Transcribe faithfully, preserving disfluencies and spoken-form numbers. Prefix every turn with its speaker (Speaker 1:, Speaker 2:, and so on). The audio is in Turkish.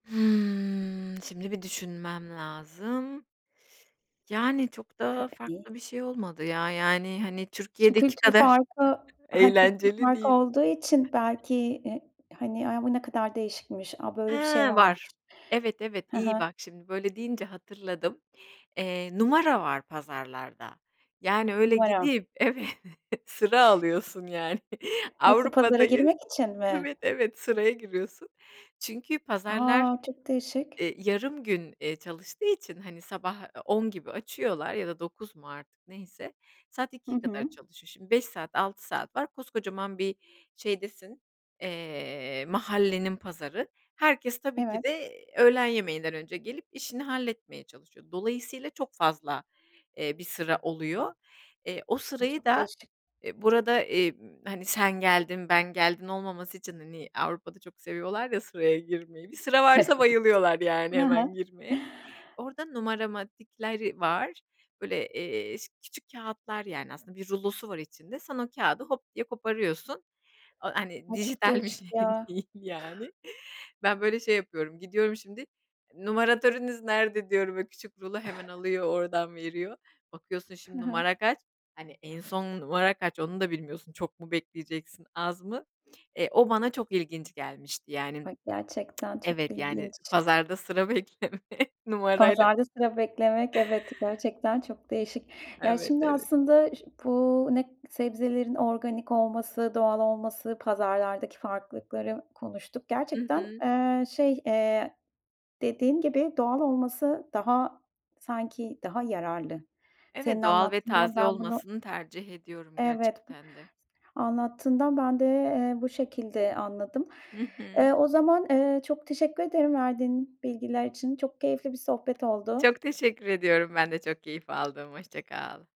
Speaker 1: Hımm, şimdi bir düşünmem lazım. Yani çok da
Speaker 2: Tabii, iii
Speaker 1: farklı bir şey olmadı ya, yani, hani,
Speaker 2: Şu
Speaker 1: Türkiye'deki
Speaker 2: kültür
Speaker 1: kadar
Speaker 2: farkı, he kültür
Speaker 1: eğlenceli
Speaker 2: farkı
Speaker 1: değil.
Speaker 2: olduğu için belki, iii, hani, ay, bu ne kadar değişikmiş, a
Speaker 1: He,
Speaker 2: böyle bir şey varmış.
Speaker 1: var, evet, evet,
Speaker 2: He
Speaker 1: iyi
Speaker 2: he.
Speaker 1: bak şimdi böyle deyince hatırladım. Eee, numara var pazarlarda, yani öyle
Speaker 2: Numara.
Speaker 1: gidip, evet, sıra alıyorsun yani,
Speaker 2: Nasıl? Pazara
Speaker 1: Avrupa'dayız,
Speaker 2: girmek için mi?
Speaker 1: evet, evet sıraya giriyorsun. Çünkü pazarlar,
Speaker 2: A, çok değişik.
Speaker 1: eee, yarım gün, eee, çalıştığı için, hani, sabah, eee, on gibi açıyorlar ya da dokuz mu artık neyse, saat
Speaker 2: Hı
Speaker 1: ikiye kadar
Speaker 2: hı.
Speaker 1: çalışıyor. Şimdi beş saat altı saat var, koskocaman bir şeydesin, eee, mahallenin pazarı. Herkes tabii ki
Speaker 2: Evet.
Speaker 1: de öğlen yemeğinden önce gelip işini halletmeye çalışıyor. Dolayısıyla çok fazla, eee, bir sıra oluyor. Eee, o
Speaker 2: Ay,
Speaker 1: sırayı
Speaker 2: çok
Speaker 1: da,
Speaker 2: değişik.
Speaker 1: eee, burada, eee, b hani, sen geldin, ben geldim olmaması için, hani, Avrupa'da çok seviyorlar ya sıraya girmeyi. Bir sıra varsa bayılıyorlar yani
Speaker 2: Evet. He
Speaker 1: hemen girmeye.
Speaker 2: he.
Speaker 1: Orada numaramatikleri var. Böyle, eee, ş küçük kağıtlar, yani, aslında bir rulosu var içinde. Sen o kağıdı hop diye koparıyorsun. O, hani,
Speaker 2: Ay, çok
Speaker 1: dijital bir
Speaker 2: değişik
Speaker 1: şey
Speaker 2: ya.
Speaker 1: değil yani. Ben böyle şey yapıyorum, gidiyorum şimdi, "Numaratörünüz nerede?" diyorum, böyle küçük rulo hemen alıyor oradan veriyor. Bakıyorsun
Speaker 2: He
Speaker 1: şimdi
Speaker 2: he.
Speaker 1: numara kaç? Hani, en son numara kaç? Onu da bilmiyorsun. Çok mu bekleyeceksin, az mı? Eee, o bana çok ilginç gelmişti yani.
Speaker 2: Ay, gerçekten çok
Speaker 1: Evet yani
Speaker 2: ilginç.
Speaker 1: pazarda sıra bekleme numarayla.
Speaker 2: Pazarda sıra beklemek, evet, gerçekten çok değişik. Ya
Speaker 1: Evet,
Speaker 2: şimdi
Speaker 1: evet.
Speaker 2: aslında ş bu ne k sebzelerin organik olması, doğal olması, pazarlardaki farklılıkları konuştuk.
Speaker 1: Hı
Speaker 2: Gerçekten,
Speaker 1: hı.
Speaker 2: eee, şey, eee, dediğin gibi doğal olması daha, sanki, daha yararlı. Senin
Speaker 1: Evet, doğal ve
Speaker 2: anlattığından
Speaker 1: taze
Speaker 2: ben bunu
Speaker 1: olmasını tercih ediyorum
Speaker 2: Evet b
Speaker 1: gerçekten de.
Speaker 2: anlattığından ben de bu, eee, şekilde anladım.
Speaker 1: Hı hı.
Speaker 2: Eee, o zaman, eee, çok teşekkür ederim verdiğin bilgiler için. Çok keyifli bir sohbet oldu.
Speaker 1: Çok teşekkür ediyorum, ben de çok keyif aldım. Hoşça kal.